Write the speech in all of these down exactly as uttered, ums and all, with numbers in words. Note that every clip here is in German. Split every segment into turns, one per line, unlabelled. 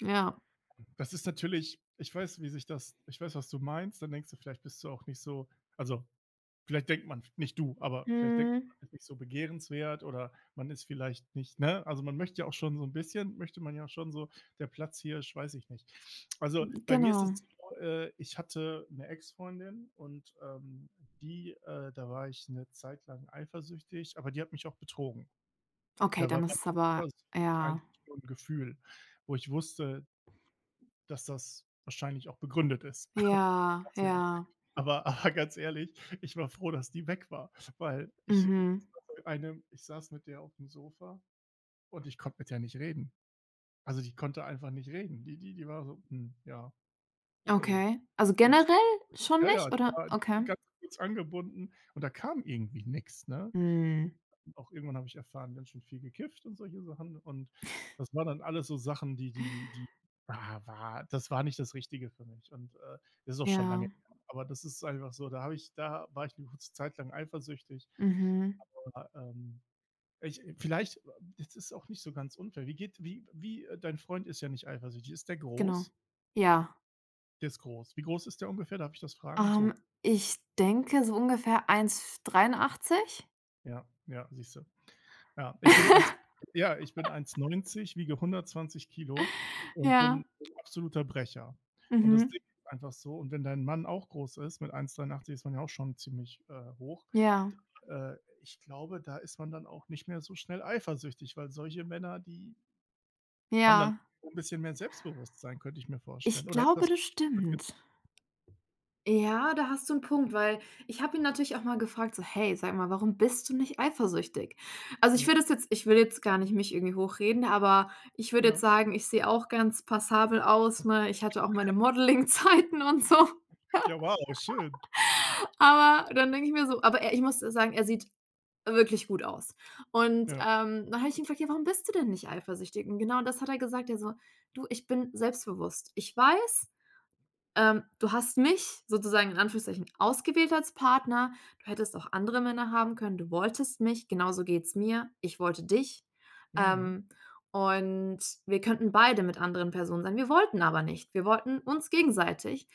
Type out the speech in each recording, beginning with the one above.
Ja.
Hm das ist natürlich ich weiß, wie sich das ich weiß, was du meinst. Dann denkst du vielleicht bist du auch nicht so also, vielleicht denkt man, nicht du, aber vielleicht denkt man,
Mhm.
man ist nicht so begehrenswert oder man ist vielleicht nicht, ne also, man möchte ja auch schon so 'n bisschen möchte man ja auch schon so, der Platzhirsch, weiß ich nicht. Also,
Hm,
bei mir ist das
genau.
so, äh, ich hatte 'ne Exfreundin und, ähm, die, äh da war ich 'ne Zeit lang eifersüchtig, aber die hat mich auch betrogen.
Okay,
Da war
dann
bei
ist es
der
aber
Eifersucht
ja.
eigentlich nur 'n Gefühl, wo ich wusste dass das wahrscheinlich auch begründet ist.
Ja,
[unintelligible]
ja.
Aber, ganz ehrlich, ich war froh, dass die weg war, weil ich [unintelligible]
Mhm.
einem ich saß mit der aufm Sofa und ich konnte mit der nicht reden. Also, die konnte einfach nicht reden. Die die die war so, hm, ja, okay.
Okay, also
Jetzt
generell
[unintelligible]
schon
ja, ja,
nicht,
die
oder?
war
Okay.
ganz kurz angebunden. Und da kam irgendwie nix, ne?
Mhm.
Auch irgendwann habe ich erfahren, ganz schön viel gekifft und solche Sachen. Und das war dann alles so Sachen, die die die wa wa das war nicht das Richtige für mich und, äh, ist auch schon lange
Ja.
her. Aber das ist einfach so, da habe ich da war ich 'ne kurze Zeit lang eifersüchtig.
Mhm.
Aber, ja, ähm. Ich, äh vielleicht ist das auch nicht so ganz unfair. Wie geht's wie wie, äh dein Freund ist ja nicht eifersüchtig. Ist der
Genau.
groß?
Ja.
Der ist groß. Wie groß ist der ungefähr? Darf ich das fragen, so?
Ähm, ich denke, so ungefähr eins f dreiundachzig.
Ja, ja, siehst du. Ja, ich bin eins, ja ich bin eins neunzig, wiege hundertzwanzig Kilo und
Ja.
bin 'n absoluter Brecher. Und das
Mhm.
Ding ist einfach so und wenn dein Mann auch groß ist, mit eins dreiundachtzig ist man ja auch schon ziemlich, äh, hoch,
Ja.
da, äh ich glaube, da ist man dann auch nicht mehr so schnell eifersüchtig, weil solche Männer, die haben dann
Ja.
auch 'n bisschen mehr Selbstbewusstsein, könnte ich mir
Ich
vorstellen. Oder ist
glaube,
das
das
vielleicht?
stimmt.
[unintelligible]
Ja, da hast du 'n Punkt, weil ich habe ihn natürlich auch mal gefragt: „So, hey, sag mal, warum bist du nicht eifersüchtig?“ Also, ich
Ja.
würde es jetzt ich würde jetzt gar nicht mich irgendwie hochreden, aber ich würde jetzt
Ja.
sagen, ich sehe auch ganz passabel aus, ne? Ich hatte auch meine Modelling-Zeiten und so..
Ja; wow, schön.
Aber, dann denke ich mir so, aber er ich muss sagen, er sieht wirklich gut aus. Und,
Ja.
ähm, dann habe ich ihn gefragt: „Ja, warum bist du denn nicht eifersüchtig?“ Und genau das hat er gesagt, er so: „Du, ich bin selbstbewusst. Ich weiß, ähm, du hast mich sozusagen in Anführungsstrichen ausgewählt als Partner. Du hättest auch andere Männer haben können. Du wolltest mich. Genauso geht's mir. Ich wollte dich.
Mhm.
Ähm, und wir könnten beide mit anderen Personen sein, wir wollten aber nicht. Wir wollten uns gegenseitig.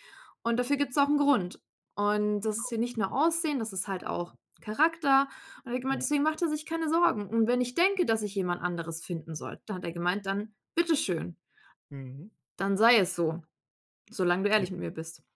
Und dafür gibt's auch 'n Grund. Und das ist
[unintelligible]
hier nicht nur Aussehen, das ist halt auch Charakter.“ Und da hat er gemeint,
Ja.
deswegen macht er sich keine Sorgen. Und wenn ich denke, dass ich jemand anderes finden soll, da hat er gemeint: „Dann bitteschön"
Mhm.
„dann sei es so. Solange du
Ja.
ehrlich mit mir bist.“